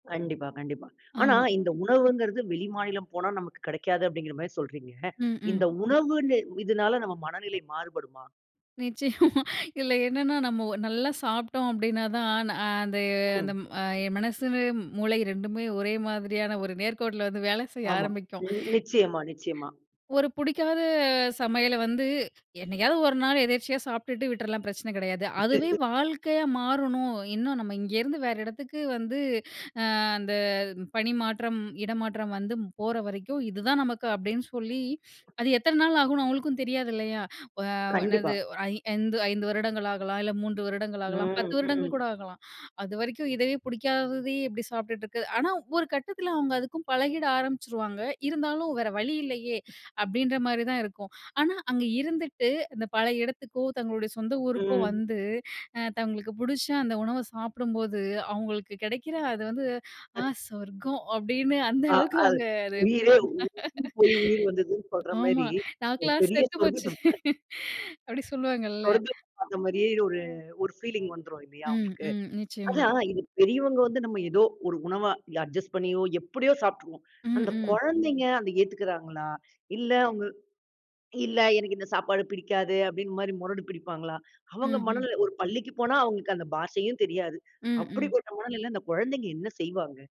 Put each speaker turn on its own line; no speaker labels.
கண்டிப்பா, கண்டிப்பா. ஆனா,
ஆம்.
இந்த உணவுங்குறது வெளிமாநிலம் போனா நமக்கு கிடைக்காது அப்படிங்கற மாரி சொல்றீங்க.
ம், ம்.
இந்த உணவுன்னு இதுனால நம்ம மனநிலை மாறுபடுமா?
நிச்சயமா. இதுல என்னன்னா நம்ம ஒ நல்லா சாப்ட்டோம் அப்படின்னா தான். நா து அந்த,
ம்.
ம் அ மனசு [unintelligible] மூளை 2மே ஒரே மாதிரியான ஒரு நேர்க்கோட்டுல வந்து வேலை செய்ய
ஆமா.
ஆரம்பிக்கும்.
நி நிச்சயமா, நிச்சயமா.
ஒரு புடிக்காத சமையல வந்து என்னைகாவது ஒரு நாள் எதேர்ச்சையா சாப்பிட்டுட்டு விட்டுறலாம், பிரச்சன கெடையாது. அதுவே வாழ்க்கையா மாறணும். இன்னும் நம்ம இங்க இருந்து வேற எடத்துக்கு வந்து அ அந்த பணிமாற்றம், இடமாற்றம் வந்து போற வரைக்கும் இது தான் நமக்கு அப்படின்னு சொல்லி அது எத்தன நாள் ஆகும்னு அவங்களுக்கும் தெரியாது இல்லையா? அ,
கண்டிப்பா.
என்னது, ஐ 5 வருடங்கள் ஆகலாம். இல்ல 3 வருடங்கள் ஆகலாம். 10
ம்,
வருடங்கள் கூட
ம்.
ஆகலாம். அதுவரைக்கும் இதவே புடிக்காததையே எப்படி சாப்ட்டுட்டு இருக்கது. ஆனா ஒரு கட்டத்துல அவங்க அதுக்கும் பழகிட ஆரம்பிச்சுருவாங்க. இருந்தாலும் வேற வழி இல்லையே, அப்படின்ற மாரி தான் இருக்கும். ஆனா அங்க இருந்துட்டு அந்த பழைய இடத்துக்கோ, தங்களுடைய சொந்த ஊருக்கோ
ம்.
வந்து அ தங்களுக்குப் புடிச்ச அந்த உணவ சாப்புடும்போது அவங்களுக்கு கெடைக்கிற, அது வந்து ஆ சொர்க்கம்! அப்படின்னு அந்த
அ
அளவுக்கு
அது
அவங்க அத ஃபீல்
உயிரே
பண்ணுவாங்க.
உயிர் போய் உயிர் வந்தது சொல்ற
ஆமா
மாரி ஒரு
நாக்குலாம்
பெரிய
செத்துப்போச்சு
சொர்க்கத்து [unintelligible]
அப்படி சொல்லுவாங்கள்ல.
சொர்க்கத்துக்கு வந்த மாரியே ஒரு ஒரு ஃபீலிங் வந்துரும் இல்லையா
ம்,
அவுங்களுக்கு.
ம். நிச்சயமா.
அதான் இது பெரியவங்க வந்து நம்ம ஏதோ ஒரு உணவா அட்ஜஸ்ட் பண்ணியோ எப்படியோ சாப்பிட்ருவோம்.
ம்.
அந்தக்
ம்.
கொழந்தைங்க அத ஏத்துக்குறாங்களா? இல்ல அவுங்க இல்ல எனக்கு இந்த சாப்பாடு பிடிக்காது அப்படின்னு மாரி முரடு பிடிப்பாங்களா? அவங்க
ம்ஹ்ம்.
மனநில ஒரு பள்ளிக்கு போனா அவங்களுக்கு அந்தப் பாஷையும் தெரியாது.
ம். ம்.
அப்படிப்பட்ட மனநிலைல அந்தக் கொழந்தைங்க என்ன செய்வாங்க?